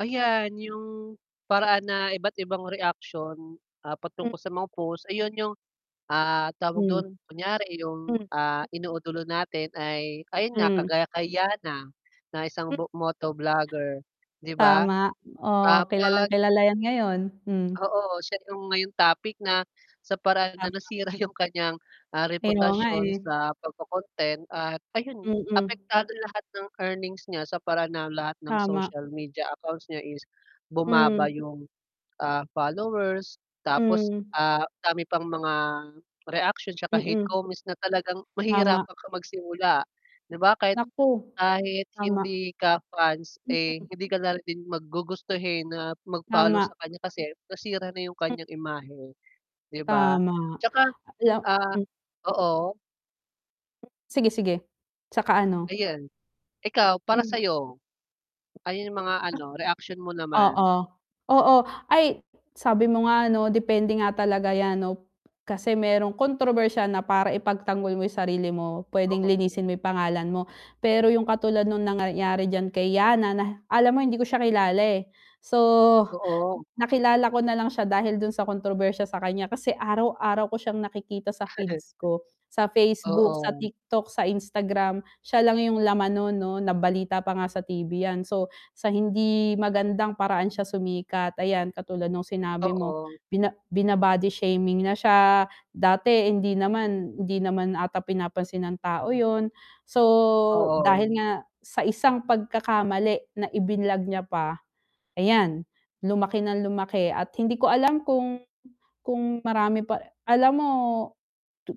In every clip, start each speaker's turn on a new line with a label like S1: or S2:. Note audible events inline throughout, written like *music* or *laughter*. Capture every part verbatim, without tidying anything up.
S1: Ayan yung, paraan na iba't ibang reaction ah,
S2: Hmm.
S1: patungkol sa mga post ayun yung ah, tawag
S2: Hmm.
S1: dun? Kunyari yung
S2: Mm.
S1: ah, inuudulo natin ay ayun nga,
S2: Hmm.
S1: kagaya kay Yannah na ng isang
S2: Hmm.
S1: moto vlogger 'di ba?
S2: Tama,
S1: Ah,
S2: oo kilalang
S1: 'pag
S2: kilala yan ngayon, hmm.
S1: Oo, siya yung ngayong topic na sa paraan na
S2: Tama.
S1: nasira yung kanyang ah,
S2: Kaya nga
S1: reputasyon
S2: eh.
S1: sa pagko-content at ayun,
S2: Mm.
S1: apektado lahat ng earnings niya sa paraan ng lahat ng
S2: Tama.
S1: social media accounts niya is
S2: Hmm.
S1: bumaba yung, ah, followers, tapos
S2: Hmm.
S1: ah, dami pang mga reaksyon 'tsaka hate
S2: Mm.
S1: comments na talagang
S2: Tama.
S1: mahihirapan kang magsimula 'di ba? Kahit
S2: Naku. Tama.
S1: hindi ka fans eh,
S2: Hmm.
S1: hindi ka na din mag gugustuhin na mag follow
S2: Tama.
S1: sa kanya kasi nasira na yung
S2: M
S1: kanyang imahe, 'di ba?
S2: Tama.
S1: 'Tsaka
S2: Ala
S1: ah oo.
S2: Sige-sige, 'tsaka ano.
S1: Ayan. Ikaw para
S2: Hmm.
S1: sayo? Ano yung mga ano reaksyon mo naman?
S2: Oo. Oo. Ay sabi mo nga 'no depende nga talaga yan 'no, kasi merong kontrobersyal na para ipagtanggol mo yung sarili mo, pwedeng
S1: Oo.
S2: linisin mo yung pangalan mo. Pero yung katulad nung nangyari diyan kay Yannah na alam mo hindi ko siya kilala eh. So,
S1: Oo.
S2: nakilala ko nalang siya dahil dun sa kontrobersya sakanya kasi araw-araw ko siyang nakikita sa
S1: *chuckles*
S2: feeds ko. Sa Facebook, sa
S1: Oo.
S2: TikTok, sa Instagram, siya lang yung laman non 'no nabalita pa nga sa T-V yan so sa hindi magandang paraan siya sumikat, ayan katulad nung sinabi mo.
S1: Oo.
S2: Bina bina-body shaming na siya, dati hindi naman hindi naman ata pinapansin ng tao yun. So dahil
S1: Oo.
S2: nga sa isang pagkakamali na i-vinlog niya pa, ayan, lumaki ng lumaki at hindi ko alam kung kung marami pa alam mo,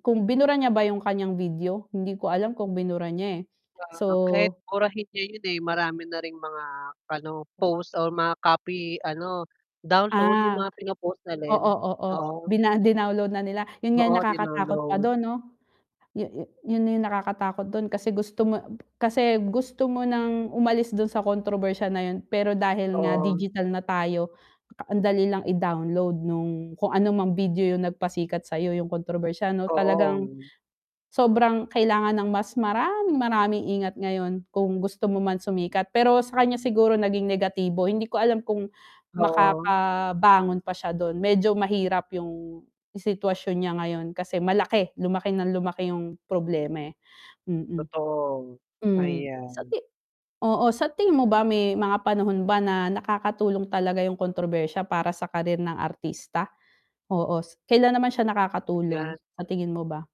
S2: kung binura niya ba yung kanyang video? Hindi ko alam kung binura niya eh.
S1: Ah, kahit
S2: so
S1: burahin niya yun eh, marami na ring mga ano, post or mga copy ano, download yung
S2: Ah,
S1: mga pino-post na
S2: oo,
S1: din,
S2: oo
S1: oo.
S2: bina dinownload na nila, yun nga yung
S1: Oo
S2: nakakatakot pa
S1: dinownload.
S2: dun 'no? Yu yu yun na yung nakakatakot dun kasi gusto mo kasi gusto mo ng umalis dun sa kontrobersya na yun pero dahil nga
S1: Oo.
S2: digital na tayo, ang dali lang i-download nung kung anumang video yung nag-pasikat sayo yung kontrobersyal ano talagang,
S1: Oo.
S2: sobrang kailangan ng mas maraming-maraming ingat ngayon kung gusto mo man sumikat pero sa kanya siguro naging negatibo, hindi ko alam kung
S1: Oo.
S2: makakabangon pa siya dun, medyo mahirap yung sitwasyon niya ngayon kasi malaki, lumaki ng lumaki yung problema eh. Mm.
S1: Totoo,
S2: Hmm, sa
S1: ayan.
S2: ti oo sa tingin mo ba may mga panahon ba na nakakatulong talaga yung kontrobersiya para sa career ng artista? Oo, s kailan naman siya nakakatulong?
S1: Ayan.
S2: Sa tingin mo ba?